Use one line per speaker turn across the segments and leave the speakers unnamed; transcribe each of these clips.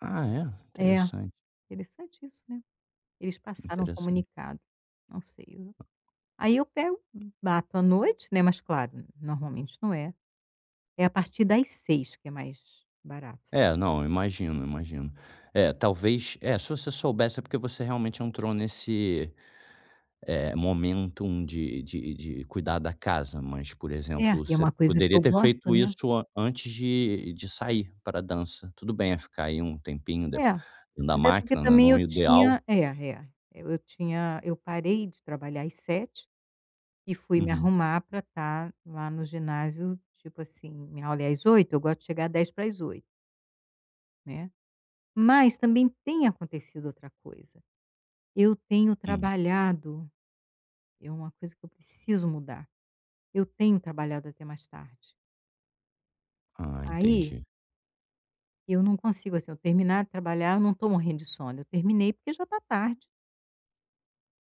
Ah, é?
É,
Interessante.
interessante isso, né? Eles passaram um
Interessante.
comunicado. Não sei, eu aí eu pego, bato à noite, né. Mas, claro, normalmente não é É à partir das 6 que é mais barato, s
É, não, eu imagino, eu imagino. É, talvez Eh, se se você soubesse é porque você realmente entrou nesse, eh, momento de de de cuidar da casa. Mas, por
É,
exemplo,
e é
você
uma coisa que
poderia
eu
ter
gosto,
feito
né?
isso a antes de de sair pra dança. Tudo bem, eh, ficar aí, um tempinho de
É,
na
mas é porque
máquina, né,
também
não
eu
ideal
tinha É, é, e eu tinha eu parei de trabalhar às 7h, e fui me
Uhum.
arrumar pra tá lá no ginásio, tipo assim, minha aula é às 8h, eu gosto de chegar 7:50. Né. Mas, também tem acontecido outra coisa. Eu tenho
Hum.
trabalhado é uma coisa que eu preciso mudar. Eu tenho trabalhado até mais tarde.
Ah,
Aí
entendi.
eu não consigo, assim, eu terminar de trabalhar, eu não tô morrendo de sono, eu terminei porque já tá tarde.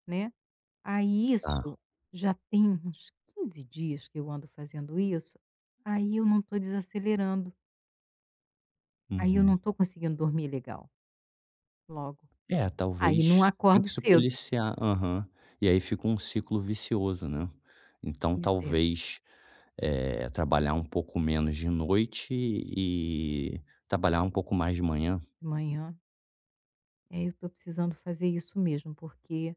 Né. Aí,
Tá.
isso já tem uns 15 dias que eu ando fazendo isso. Aí, eu não tô desacelerando. Aí, eu
Uhum.
não tô conseguindo dormir legal. Logo.
É
Aí não
talvez, tem que
acordo
se
cedo.
policiar Aham, e aí, fica um ciclo vicioso, né. Então,
Pois é.
talvez, eh, trabalhar um pouco menos de noite e trabalhar um pouco mais de manhã.
Manhã. É eu tô precisando fazer isso mesmo, porque,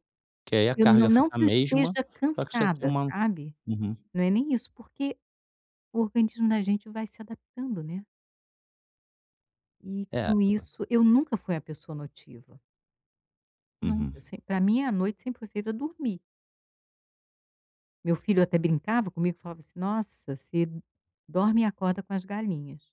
Que, aí, a
eu não
carga fica
não
a
que eu
mesma,
esteja
só que você tem
cansada,
uma
sabe?
Uhum.
Não é nem isso, porque, o organismo da gente vai se adaptando, né. E
É,
com
o
isso eu nunca fui a pessoa notiva. Nunca.
Uhum.
Semp pra mim a noite sempre foi feita dormir. Meu filho até brincava comigo e falava, assim: "Nossa, você dorme e acorda com as galinhas".